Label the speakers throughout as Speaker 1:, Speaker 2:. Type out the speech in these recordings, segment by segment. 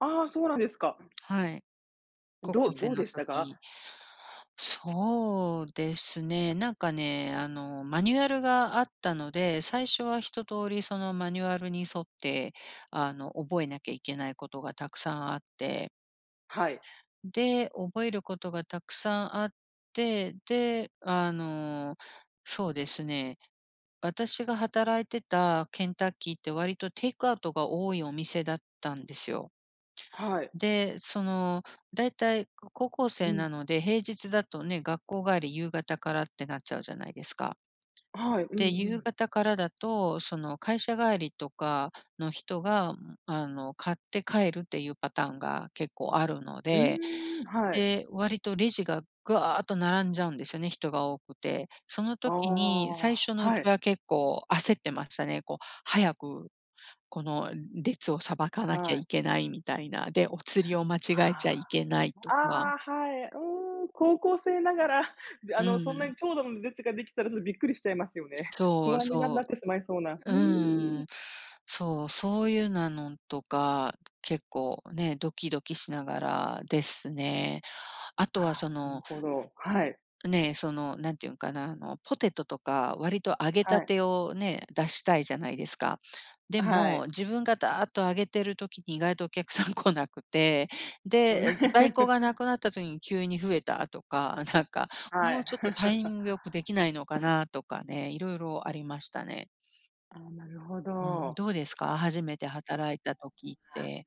Speaker 1: ああ、そうなんですか。
Speaker 2: はい。高
Speaker 1: ど
Speaker 2: 校生
Speaker 1: どう
Speaker 2: の
Speaker 1: でしたか？
Speaker 2: 時。そうですね、なんかね、あの、マニュアルがあったので、最初は一通りそのマニュアルに沿って、あの、覚えなきゃいけないことがたくさんあって
Speaker 1: はい。
Speaker 2: で、覚えることがたくさんあって。で、あの、そうですね。私が働いてたケンタッキーって割とテイクアウトが多いお店だったんですよ。
Speaker 1: はい。
Speaker 2: で、そのだいたい高校
Speaker 1: う
Speaker 2: 生
Speaker 1: ん。
Speaker 2: なので、平日だとね、学校帰り夕方からってなっちゃうじゃないですか。
Speaker 1: はい、う
Speaker 2: で、
Speaker 1: んう
Speaker 2: 夕
Speaker 1: ん。
Speaker 2: 方からだと、その会社帰りとかの人が、あの買って帰るっていうパターンが結構あるの
Speaker 1: うー
Speaker 2: で。
Speaker 1: ん。はい。
Speaker 2: で、割とレジががっと並んじゃうんですよね、人が多くて。その
Speaker 1: あ
Speaker 2: 時に、
Speaker 1: あ、
Speaker 2: 最初のう
Speaker 1: は
Speaker 2: ち
Speaker 1: い。
Speaker 2: は結構焦ってましたね。こう、早く、この列をさばかなきゃ
Speaker 1: はい。
Speaker 2: いけないみたいな。で、お釣りを間違えち
Speaker 1: は
Speaker 2: ゃいけないと
Speaker 1: あ、あ
Speaker 2: か。
Speaker 1: あ、はい。うん、高校生ながら、で、
Speaker 2: う
Speaker 1: あの
Speaker 2: ん
Speaker 1: そ
Speaker 2: う
Speaker 1: んな
Speaker 2: ん。
Speaker 1: に長蛇の列ができたらそれびっくりしちゃいますよね。
Speaker 2: そ
Speaker 1: 不
Speaker 2: う
Speaker 1: 安にな
Speaker 2: そ
Speaker 1: なってしまいそうな。う
Speaker 2: う。う
Speaker 1: ーん。
Speaker 2: ん。そう、そういうなのとか、結構ね、ドキドキしながらですね。あとはそ
Speaker 1: ああ、なる
Speaker 2: の
Speaker 1: ほど、はい。
Speaker 2: ねえ、そのなんて言うんかな。あの、ポテトとか割と揚げた
Speaker 1: はい。
Speaker 2: てをね、出したいじゃないですか。で
Speaker 1: は
Speaker 2: も、
Speaker 1: い。
Speaker 2: 自分がだっと揚げてる時に意外とお客さん来なくて。で、在庫が無 くなった時に急に増えたとか。なんか
Speaker 1: は
Speaker 2: もう
Speaker 1: い。
Speaker 2: ちょっとタイミ ング良くできないのかなとかね、色々ありましたね。
Speaker 1: ああ、なるほ
Speaker 2: うん、
Speaker 1: ど。
Speaker 2: どうですか？初めて働いた時って。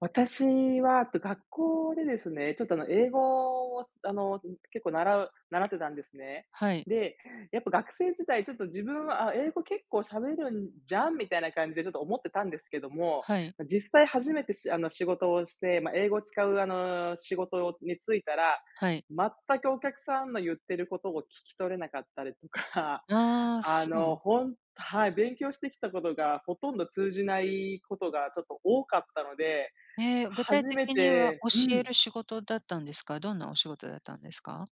Speaker 1: 私は、と学校でですね、ちょっとあの、英語をあの、ん結構習う習ってたんですね。
Speaker 2: はい。
Speaker 1: で、やっぱ学生時代ちょっと自分は、あ、英語結構喋るんじゃん、みたいな感じでちょっと思ってたんですけども。
Speaker 2: はい。
Speaker 1: 実際初めてしあの、仕事をして、ま、英語を使うあの、仕事についたら、
Speaker 2: はい。
Speaker 1: 全くお客さんの言ってることを聞き取れなかったりとか。
Speaker 2: ああ、
Speaker 1: あ
Speaker 2: そうな
Speaker 1: の、
Speaker 2: のか。
Speaker 1: ほんはい、勉強してきたことがほとんど通じないことがちょっと多かったので、
Speaker 2: え、具体
Speaker 1: 初め
Speaker 2: 的には
Speaker 1: てう
Speaker 2: 教え
Speaker 1: ん。
Speaker 2: る仕事だったんですか？どんなお仕事だったんですか？